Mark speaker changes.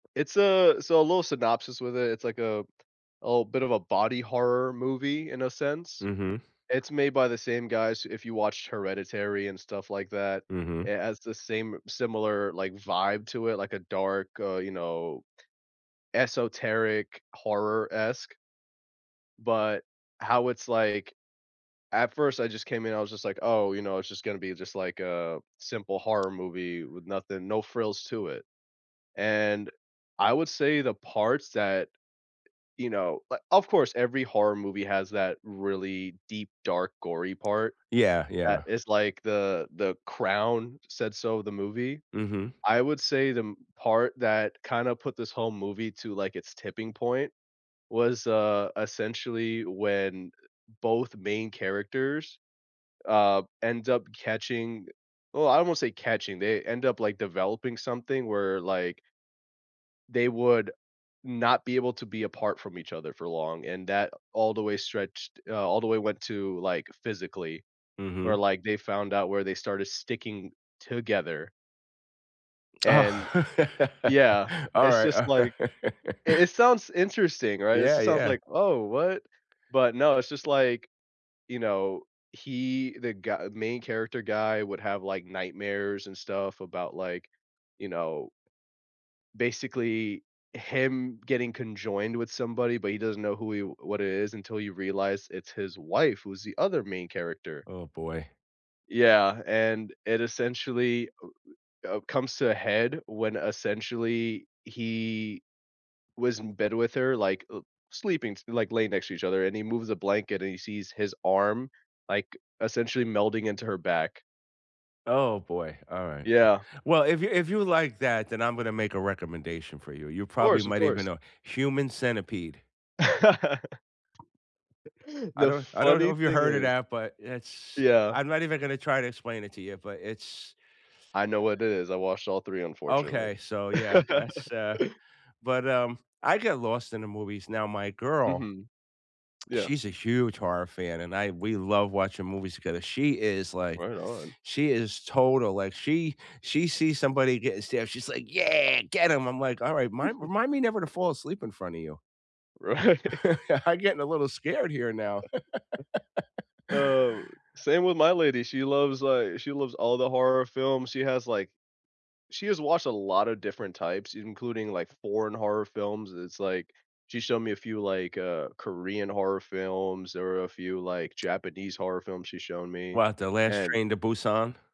Speaker 1: It's a so, a little synopsis with it, it's like a a little bit of a body horror movie in a sense.
Speaker 2: Mhm.
Speaker 1: It's made by the same guys- if you watched Hereditary and stuff like that-
Speaker 2: Mhm.
Speaker 1: it has the same similar, like, vibe to it, like a dark, uh, you know, esoteric, horror-esque but, how it's like at first, I just came in, I was just like, "Oh, you know, it's just gonna be just, like, a simple horror movie with nothing no frills to it." And, I would say the parts that, you know uh, of course, every horror movie has that really deep, dark, gory part,
Speaker 2: Yeah,
Speaker 1: that
Speaker 2: yeah.
Speaker 1: it's like the the crown, said so the movie.
Speaker 2: Mhm.
Speaker 1: I would say the m part that kinda put this whole movie to, like, its tipping point was, uh, essentially when both main characters, uh, end up catching well, I won't say catching, they end up, like, developing something where, like they would not be able to be apart from each other for long, and that all the way stretched uh, all the way went to, like, physically, where,
Speaker 2: Mhm.
Speaker 1: like, they found out where they started sticking together and
Speaker 2: Oh,
Speaker 1: Yeah, it's
Speaker 2: alright,
Speaker 1: just, like
Speaker 2: alright.
Speaker 1: it it sounds interesting, right? It
Speaker 2: Yeah,
Speaker 1: just sounds
Speaker 2: yeah.
Speaker 1: like, "Oh, what?" But, no, it's just, like, you know, he the gu main character guy would have, like, nightmares and stuff about, like, you know basically, him getting conjoined with somebody, but he doesn't know who he what it is until he realized it's his wife who's the other main character.
Speaker 2: Oh, boy.
Speaker 1: Yeah, and it essentially, u w uh, comes to a head when essentially he was in bed with her, like, uh, sleeping s like, laying next to each other, and he moves a blanket and he sees his arm, like, essentially melding into her back.
Speaker 2: Oh, boy. Alright. W
Speaker 1: Yeah.
Speaker 2: Well, if you if you like that, then I'm gonna make a recommendation for you. You probably
Speaker 1: Course, of
Speaker 2: might even
Speaker 1: course.
Speaker 2: know. Human Centipede. I
Speaker 1: The
Speaker 2: don't I don't know
Speaker 1: funny
Speaker 2: if you
Speaker 1: thing
Speaker 2: heard of
Speaker 1: is
Speaker 2: that, but it's, eh
Speaker 1: Yeah.
Speaker 2: I'm not even gonna try to explain it to you, but it's,
Speaker 1: I know what
Speaker 2: uh
Speaker 1: is. I washed all 3, unfortunately.
Speaker 2: Okay, so, yeah, that's, uh but, um, I get lost in the movies. Now, my girl
Speaker 1: Mhm. Yeah.
Speaker 2: she's a huge horror fan, and I we love watching movies together. She is, like,
Speaker 1: Right on.
Speaker 2: she is total like, she she sees somebody getting stabbed, she's like, "Yeah, get 'em." I'm like, "Alright, mind remind me never to fall asleep in front of you."
Speaker 1: Right.
Speaker 2: "I getting a little scared here now."
Speaker 1: Oh, same with my lady. She loves, li she loves all the horror films. She has, like She has watched a lotta different types, including, like, foreign horror films, it's like she showed me a few, like, uh, Korean horror films or a few, like, Japanese horror films she's shown me,
Speaker 2: What, the last
Speaker 1: and
Speaker 2: Train to Busan?